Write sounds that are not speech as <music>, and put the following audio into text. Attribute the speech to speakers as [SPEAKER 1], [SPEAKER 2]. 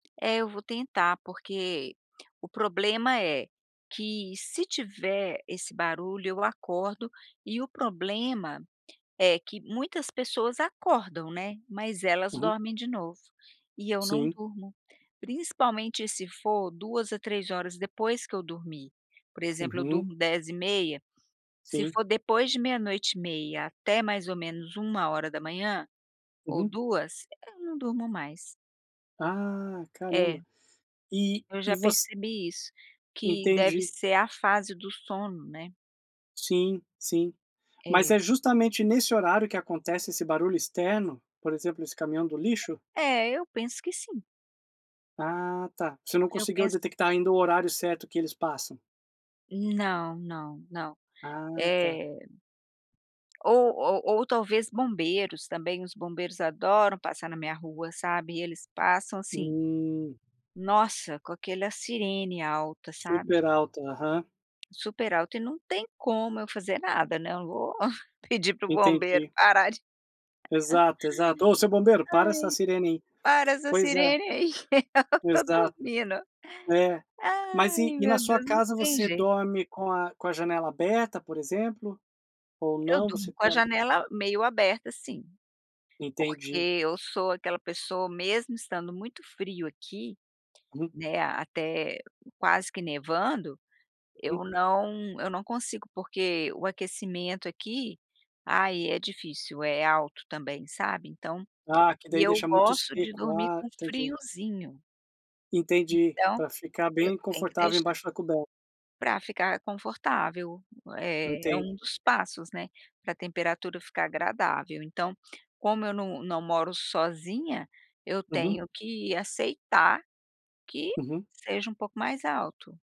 [SPEAKER 1] É, eu vou tentar. Porque o problema é, que se tiver esse barulho, eu acordo. E o problema é que muitas pessoas acordam, né. Mas elas
[SPEAKER 2] Uhum.
[SPEAKER 1] dormem de novo, e eu não
[SPEAKER 2] Sim.
[SPEAKER 1] durmo. Principalmente se for 2 a 3 horas depois que eu dormi. Por exemplo, eu
[SPEAKER 2] Uhum.
[SPEAKER 1] durmo 22:30, se
[SPEAKER 2] Sim.
[SPEAKER 1] for depois de meia-noite e meia, até mais ou menos 1h00 ou
[SPEAKER 2] Uhum.
[SPEAKER 1] 2h, eu não durmo mais.
[SPEAKER 2] Ah,
[SPEAKER 1] É.
[SPEAKER 2] caramba. E
[SPEAKER 1] Eu já
[SPEAKER 2] e voc
[SPEAKER 1] percebi isso, que deve
[SPEAKER 2] Entendi.
[SPEAKER 1] ser a fase do sono, né?
[SPEAKER 2] Sim, sim. Mas
[SPEAKER 1] É.
[SPEAKER 2] é justamente nesse horário que acontece esse barulho externo? Por exemplo, esse caminhão do lixo?
[SPEAKER 1] É, eu penso que sim.
[SPEAKER 2] Ah, tá! Você não
[SPEAKER 1] Eu
[SPEAKER 2] conseguiu
[SPEAKER 1] penso
[SPEAKER 2] detectar ainda o horário certo que eles passam.
[SPEAKER 1] Não, não, não.
[SPEAKER 2] Ah, tá.
[SPEAKER 1] É Ou ou ou talvez bombeiros, também. Os bombeiros adoram passar na minha rua, sabe, e eles passam assim
[SPEAKER 2] Hum.
[SPEAKER 1] Nossa, com aquela sirene alta, sabe?
[SPEAKER 2] Super alta, aham.
[SPEAKER 1] Super alta, e não tem como eu fazer nada, né. Eu não vou pedir para o bombeiro
[SPEAKER 2] Entendi.
[SPEAKER 1] parar de <laughs>
[SPEAKER 2] Exato, exato. Ô, seu bombeiro, para essa
[SPEAKER 1] "Ai,
[SPEAKER 2] sirene aí!
[SPEAKER 1] para essa
[SPEAKER 2] Pois é.
[SPEAKER 1] sirene aí que ela está
[SPEAKER 2] Exato.
[SPEAKER 1] dormindo!".
[SPEAKER 2] É. Mas
[SPEAKER 1] Ai,
[SPEAKER 2] e e na
[SPEAKER 1] meu
[SPEAKER 2] sua
[SPEAKER 1] Deus, não
[SPEAKER 2] casa,
[SPEAKER 1] tem
[SPEAKER 2] você
[SPEAKER 1] jeito.
[SPEAKER 2] dorme com a com a janela aberta, por exemplo? Ou
[SPEAKER 1] Eu
[SPEAKER 2] não,
[SPEAKER 1] durmo
[SPEAKER 2] você
[SPEAKER 1] com a
[SPEAKER 2] pela
[SPEAKER 1] janela meio aberta, sim, porque
[SPEAKER 2] Entendi.
[SPEAKER 1] eu sou aquela pessoa, mesmo estando muito frio aqui,
[SPEAKER 2] Hum.
[SPEAKER 1] né, até quase que nevando, eu
[SPEAKER 2] Uhum.
[SPEAKER 1] não eu não consigo, porque o aquecimento aqui, ai, é difícil. É alto também, sabe, então.
[SPEAKER 2] Ah, que
[SPEAKER 1] E
[SPEAKER 2] daí
[SPEAKER 1] eu
[SPEAKER 2] deixa muito
[SPEAKER 1] gosto de
[SPEAKER 2] seco.
[SPEAKER 1] dormir
[SPEAKER 2] Ah,
[SPEAKER 1] com
[SPEAKER 2] entendi.
[SPEAKER 1] friozinho.
[SPEAKER 2] Entendi,
[SPEAKER 1] Então,
[SPEAKER 2] pra ficar
[SPEAKER 1] eu
[SPEAKER 2] bem
[SPEAKER 1] tenho que
[SPEAKER 2] confortável
[SPEAKER 1] deixar
[SPEAKER 2] embaixo da coberta.
[SPEAKER 1] pra ficar confortável. É, é
[SPEAKER 2] Entendi.
[SPEAKER 1] um dos passos, né, pra temperatura ficar agradável. Então, como eu não não moro sozinha, eu
[SPEAKER 2] Uhum.
[SPEAKER 1] tenho que aceitar que
[SPEAKER 2] Uhum.
[SPEAKER 1] seja um pouco mais alto.